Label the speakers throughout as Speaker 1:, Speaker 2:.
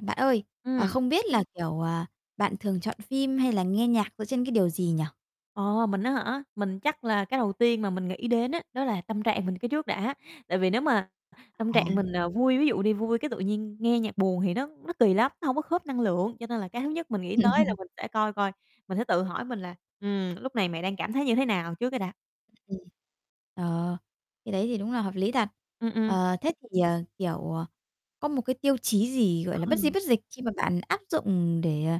Speaker 1: Bạn ơi, ờ,
Speaker 2: Ừm.
Speaker 1: không biết là, kiểu, ờ, bạn thường chọn phim hay là nghe nhạc dựa trên cái điều gì nhỉ?
Speaker 2: Ờ, mình á hả? Mình chắc là cái đầu tiên mà mình nghĩ đến á, đó là tâm trạng mình cái trước đã. Tại vì nếu mà tâm
Speaker 1: À.
Speaker 2: trạng mình, ờ, vui, ví dụ đi, vui cái tự nhiên nghe nhạc buồn thì nó nó kì lắm, nó hổng có khớp năng lượng. Cho nên là cái thứ nhất mình nghĩ tới là
Speaker 1: Ừm.
Speaker 2: mình sẽ coi coi, mình sẽ tự hỏi mình là, ừm, "Lúc này mày đang cảm thấy như thế nào?" Trước cái đã.
Speaker 1: Ừm, ừm. Ờ, cái đấy thì đúng là hợp lý thật.
Speaker 2: Ừm, ừm.
Speaker 1: Ờ, thế thì, ờ, kiểu, ờ, có một cái tiêu chí gì, gọi là, bất di
Speaker 2: Ừ.
Speaker 1: bất dịch khi mà bạn áp dụng để, ờ,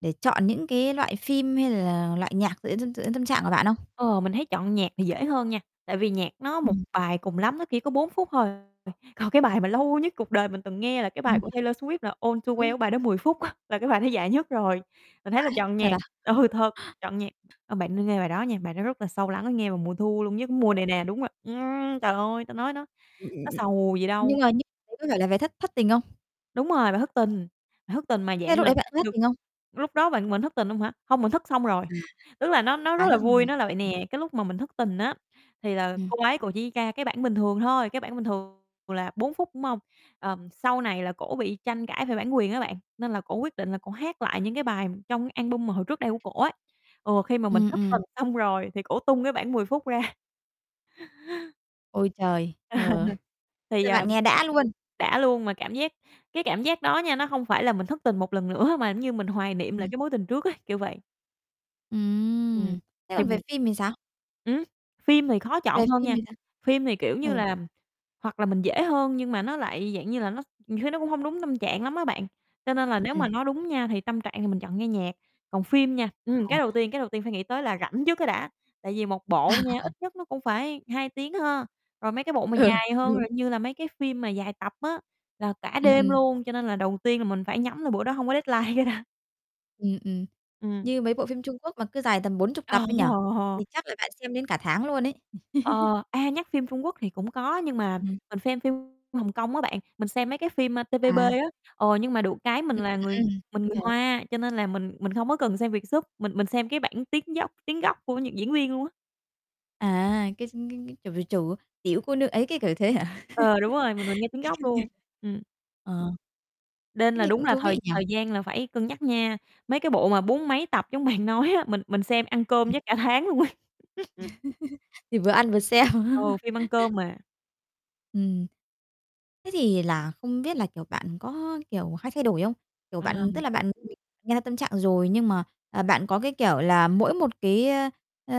Speaker 1: để chọn những cái loại phim hay là loại nhạc dựa trên dựa trên tâm trạng của bạn không?
Speaker 2: Ờ, mình thấy chọn nhạc thì dễ hơn nha. Tại vì nhạc nó một
Speaker 1: Ừm.
Speaker 2: bài cùng lắm, nó chỉ có 4 phút thôi. Ừ, còn cái bài mà lâu nhất cuộc đời mình từng nghe là cái bài
Speaker 1: Ừm.
Speaker 2: của Taylor Swift, là "All Too Well"
Speaker 1: Đúng.
Speaker 2: cái bài đó 10 phút á, là cái bài đó dài nhất rồi. Mình thấy là
Speaker 1: Vãi,
Speaker 2: chọn
Speaker 1: thật
Speaker 2: nhạc
Speaker 1: à?
Speaker 2: ừ, thật, chọn nhạc ờ, bạn nên nghe bài đó nha, bài đó rất là sâu lắng, nghe vào mùa thu luôn, như cái mùa
Speaker 1: Ừ.
Speaker 2: này nè, đúng rồi, ừm, trời ơi, ta nói nó
Speaker 1: Ừm, ừm,
Speaker 2: nó
Speaker 1: ừm.
Speaker 2: sầu gì đâu.
Speaker 1: Nhưng mà nhưng đấy có phải là về thất thất tình không?
Speaker 2: Đúng rồi, bài thất tình, bài thất tình mà
Speaker 1: Thế
Speaker 2: dạng
Speaker 1: lúc
Speaker 2: là
Speaker 1: đấy bạn có thất
Speaker 2: được
Speaker 1: tình không?
Speaker 2: lúc đó bạn mình thất tình luôn hả? Hông, mình thất xong rồi. Tức là nó nó
Speaker 1: À.
Speaker 2: rất
Speaker 1: À, thất
Speaker 2: là vui, nó là vậy
Speaker 1: [unintelligible]
Speaker 2: nè, cái lúc mà mình thất tình á, thì là
Speaker 1: Ừm.
Speaker 2: cô ấy cổ chỉ ra cái bản bình thường thôi. Cái bản bình thường là 4 phút, đúng hông? Ờ, sau này là cổ bị tranh cãi về bản quyền á bạn. Nên là cô quyết định là cổ hát lại những cái bài trong cái album mà hồi trước đây của cổ ấy. Ừ, khi mà mình
Speaker 1: Ừm,
Speaker 2: thất tình
Speaker 1: ừm.
Speaker 2: xong rồi thì cô tung cái bản 10 phút ra.
Speaker 1: Ôi, trời! Ờ,
Speaker 2: Thì,
Speaker 1: thế
Speaker 2: à,
Speaker 1: bạn nghe đã luôn.
Speaker 2: đã luôn, mà cảm giác cái cảm giác đó nha, nó hông phải là mình thất tình một lần nữa, mà giống như mình hoài niệm lại
Speaker 1: Ừm.
Speaker 2: cái mối tình trước ấy, kiểu vậy. Ừm,
Speaker 1: Ừm. Thế
Speaker 2: thì
Speaker 1: còn về phim thì sao?
Speaker 2: Ừm, phim thì khó
Speaker 1: Về
Speaker 2: chọn hơn
Speaker 1: phim
Speaker 2: nha.
Speaker 1: thì sao?
Speaker 2: Phim thì kiểu như
Speaker 1: Ừ.
Speaker 2: là hoặc là mình dễ hơn, nhưng mà nó lại dạng như là nó nhiều khi nó cũng hông đúng tâm trạng lắm á bạn. Cho nên là nếu
Speaker 1: Ừm.
Speaker 2: mà nói đúng nha, thì tâm trạng thì mình chọn nghe nhạc. Còn phim nha ừm,
Speaker 1: Ờ.
Speaker 2: cái đầu tiên cái đầu tiên phải nghĩ tới là rảnh trước cái đã. Tại vì một bộ nha, ít nhất nó cũng phải 2 tiếng ha. Rồi mấy cái bộ mà
Speaker 1: Ừ,
Speaker 2: dài
Speaker 1: cũng
Speaker 2: hơn,
Speaker 1: đúng.
Speaker 2: rồi như là mấy cái phim mà dài tập á, là cả
Speaker 1: Ừm,
Speaker 2: đêm
Speaker 1: ừm.
Speaker 2: luôn. Cho nên là đầu tiên là mình phải nhắm là bữa đó hông có deadline cái đã.
Speaker 1: Ừm, ừm.
Speaker 2: Ừm.
Speaker 1: Như mấy bộ phim Trung Quốc mà cứ dài tầm bốn chục
Speaker 2: Ờ.
Speaker 1: tập ấy nhỉ, thì chắc là bạn xem đến cả tháng luôn ấy.
Speaker 2: Ờ, à, nhắc phim Trung Quốc thì cũng có, nhưng mà
Speaker 1: Ừm.
Speaker 2: mình xem phim Hồng Kông á bạn. Mình xem mấy cái phim TVB á.
Speaker 1: À.
Speaker 2: Ờ, nhưng mà được cái
Speaker 1: Ừm,
Speaker 2: mình là người
Speaker 1: ừm, ừm.
Speaker 2: mình
Speaker 1: Mình
Speaker 2: người
Speaker 1: hiểu.
Speaker 2: Hoa, cho nên là mình mình không có cần xem Vietsub. Mình mình xem cái bản tiếng dốc tiếng gốc của những diễn viên luôn á.
Speaker 1: À, cái ch cái cái, kiểu, về chủ "Tiểu cô nương ấy," cái kiểu thế hả?
Speaker 2: Ờ, đúng rồi, mình mình nghe tiếng gốc luôn, ừm.
Speaker 1: [unintelligible] Ờ.
Speaker 2: Nên
Speaker 1: Thế
Speaker 2: là
Speaker 1: thì
Speaker 2: đúng
Speaker 1: cũng
Speaker 2: là
Speaker 1: thú
Speaker 2: thời
Speaker 1: vị nhỉ?
Speaker 2: thời gian là phải cân nhắc nha. Mấy cái bộ mà bốn mấy tập giống bạn nói á, mình mình xem ăn cơm
Speaker 1: Ừm.
Speaker 2: chắc cả tháng luôn ấy.
Speaker 1: Thì vừa ăn vừa xem.
Speaker 2: Ừ, phim ăn cơm mà.
Speaker 1: Ừm. Thế thì là không biết là, kiểu, bạn có kiểu hay thay đổi không? Kiểu,
Speaker 2: À.
Speaker 1: bạn tức là bạn [unintelligible] nghe ra tâm trạng rồi, nhưng mà, ờ, bạn có, cái kiểu, là mỗi một cái ơ, ờ,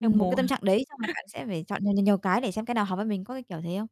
Speaker 2: Theo
Speaker 1: ừm, một
Speaker 2: mùa
Speaker 1: cái
Speaker 2: hả?
Speaker 1: tâm trạng đấy, xong rồi bạn sẽ phải chọn nhiều, nhiều, nhiều cái để xem cái nào hợp với mình, có cái kiểu thế không?